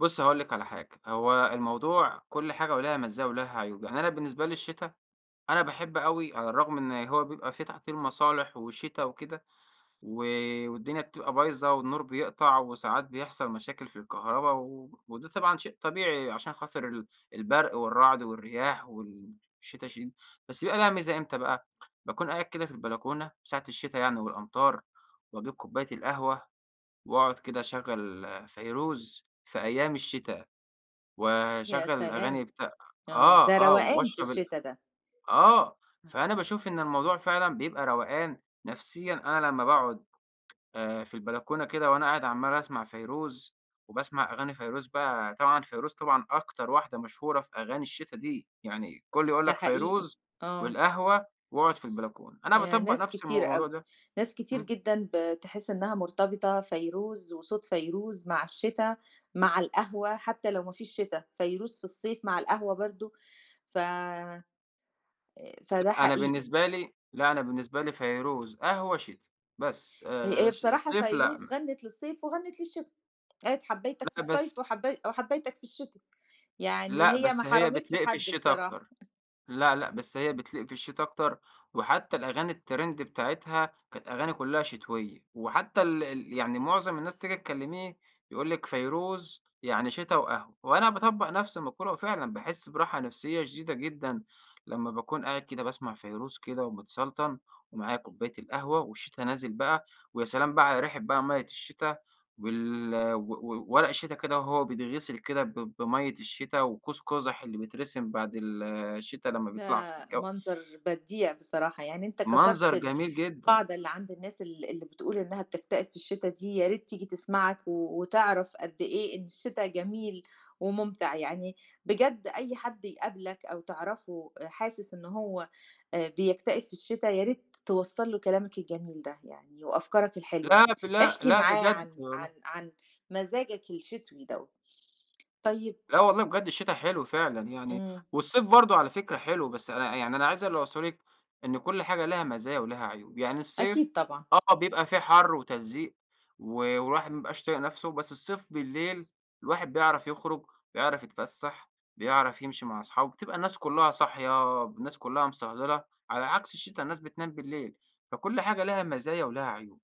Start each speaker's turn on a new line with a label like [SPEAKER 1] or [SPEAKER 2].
[SPEAKER 1] بُصّي هاقول لِك على حاجة. هو الموضوع كل حاجة وليها مزاية وليها عيوب. يعني أنا بالنسبة لي الشتا، أنا باحب أوي على الرغم إن هو بيبقى في تعطيل مصالح وشتا وكده و والدنيا بتبقى بايظة والنور بيقطع وساعات بيحصل مشاكل في الكهربا و وده طبعًا شيء طبيعي علشان خاطر ال البرق والرعد والرياح وال الشتا شي بس يبقى لها ميزة إمتى بقى؟ باكون قاعد كده في البلكونة ساعة الشتا يعني والأمطار وأجيب كوباية القهوة وأقعد كده أشغَّل فيروز في أيام الشتا
[SPEAKER 2] يا
[SPEAKER 1] وأشغَّل الأغاني
[SPEAKER 2] سلام.
[SPEAKER 1] بتاع
[SPEAKER 2] آه.
[SPEAKER 1] آه،
[SPEAKER 2] ده
[SPEAKER 1] آه.
[SPEAKER 2] روقان في
[SPEAKER 1] واشرب ال
[SPEAKER 2] الشتا ده.
[SPEAKER 1] آه. فأنا باشوف إن الموضوع فعلًا بيبقى روقان نفسيًا، أنا لمّا باقعد آآ في البلكونة كده وأنا قاعد عمّال أسمع فيروز وباسمع أغاني فيروز بقى، طبعًا فيروز طبعًا أكتر واحدة مشهورة في أغاني الشتا دي. يعني كل يقول
[SPEAKER 2] ده
[SPEAKER 1] لك
[SPEAKER 2] حقيقي.
[SPEAKER 1] فيروز
[SPEAKER 2] آه.
[SPEAKER 1] والقهوة واقعد في البلكون. أنا
[SPEAKER 2] آآ
[SPEAKER 1] باطبّق
[SPEAKER 2] ناس
[SPEAKER 1] نفس المو
[SPEAKER 2] كتير
[SPEAKER 1] الموضوع
[SPEAKER 2] أوي.
[SPEAKER 1] ده.
[SPEAKER 2] ناس كتير
[SPEAKER 1] إمم.
[SPEAKER 2] جدًا بتحِس إنّها مرتبطة فيروز وصوت فيروز مع الشتا، مع القهوة، حتّى لو ما فيش شتا، فيروز في الصيف مع القهوة برضه ف آآ فده
[SPEAKER 1] أنا
[SPEAKER 2] حقيقي.
[SPEAKER 1] بالنسبة لي لأ أنا بالنسبة لي فيروز، قهوة، شتا بس.
[SPEAKER 2] هي
[SPEAKER 1] آآ
[SPEAKER 2] آآ
[SPEAKER 1] ش
[SPEAKER 2] بصراحة
[SPEAKER 1] صيف لأ م
[SPEAKER 2] فيروز غنِّت للصيف وغنِّت للشتا. قالت: "حبَّيْتَك في
[SPEAKER 1] لأ،
[SPEAKER 2] الصيف
[SPEAKER 1] بس
[SPEAKER 2] وحبَّي وحبيتَك في الشتا." يعني
[SPEAKER 1] لأ،
[SPEAKER 2] هي ما
[SPEAKER 1] بس هي
[SPEAKER 2] حرمتش
[SPEAKER 1] بتليق في
[SPEAKER 2] حد
[SPEAKER 1] الشتا
[SPEAKER 2] بصراحة.
[SPEAKER 1] أكتر. لأ، لأ بس هي بتليق في الشتا أكتر وحتّى الأغاني الترند بتاعتها، كانت أغاني كُلّها شتويّة وحتّى ال ال يعني معظم الناس تيجي تكلّميه، يقول لِك فيروز يعني شتا وقهوة وأنا باطبّق نفس المقولة وفعلًا باحِس براحة نفسية شديدة جدًا لمّا باكون قاعد كده باسمع فيروز كده ومتسلطن ومعايا كوباية القهوة والشتا نازل بقى ويا سلام بقى علي ريحة بقى مَيّة الشتا وال و وورق الشتا كده وهو بيتغسِل كده ب بمَيّة الشتا وقوس قُزح اللي بيترسم بعد ال الشتا لمّا بيطلع في
[SPEAKER 2] ده
[SPEAKER 1] الجَو.
[SPEAKER 2] منظر بديع بصراحة. يعني أنت
[SPEAKER 1] منظر
[SPEAKER 2] كسرت
[SPEAKER 1] جميل جدًا.
[SPEAKER 2] القاعدة اللي عند الناس ال اللي بتقول إنّها بتكتئب في الشتا دي، يا ريت تيجي تسمعك وتعرف قد إيه إن الشتا جميل ومُمتع. يعني بجد أي حد يقابلك أو تعرفه أ حاسس إنه هو آآ بيكتئب في الشتا، ياريت توصَّل له كلامك الجميل ده. يعني وأفكارك الحلوة
[SPEAKER 1] لأ،
[SPEAKER 2] دي.
[SPEAKER 1] ف لأ،
[SPEAKER 2] احكِ
[SPEAKER 1] لأ
[SPEAKER 2] معاه
[SPEAKER 1] بجد
[SPEAKER 2] عن عن
[SPEAKER 1] والله.
[SPEAKER 2] عن مزاجك الشتوي دوّة. طيب
[SPEAKER 1] لا والله بجد الشتا حلو فعلًا يعني
[SPEAKER 2] إمم.
[SPEAKER 1] والصيف برضه على فكرة حلو، بس أنا يعني ع اللي أنا عايز اللي أوصله لِك إن كل حاجة ليها مزايا وليها عيوب. يعني الصيف
[SPEAKER 2] أكيد طبعًا.
[SPEAKER 1] آه. بيبقى فيه حر وتلزيق و والواحد ما يبقاش طايق نفسه، بس الصيف بالليل الواحد بيعرف يخرُج، بيعرف يتفسَّح، بيعرف يمشي مع اصحابه، بتبقى الناس كُلّها صاحية، الناس كُلّها مصهلِلَة، على عكس الشتا الناس بتنام بالليل، فكل حاجة لها مزايا ولها عيوب.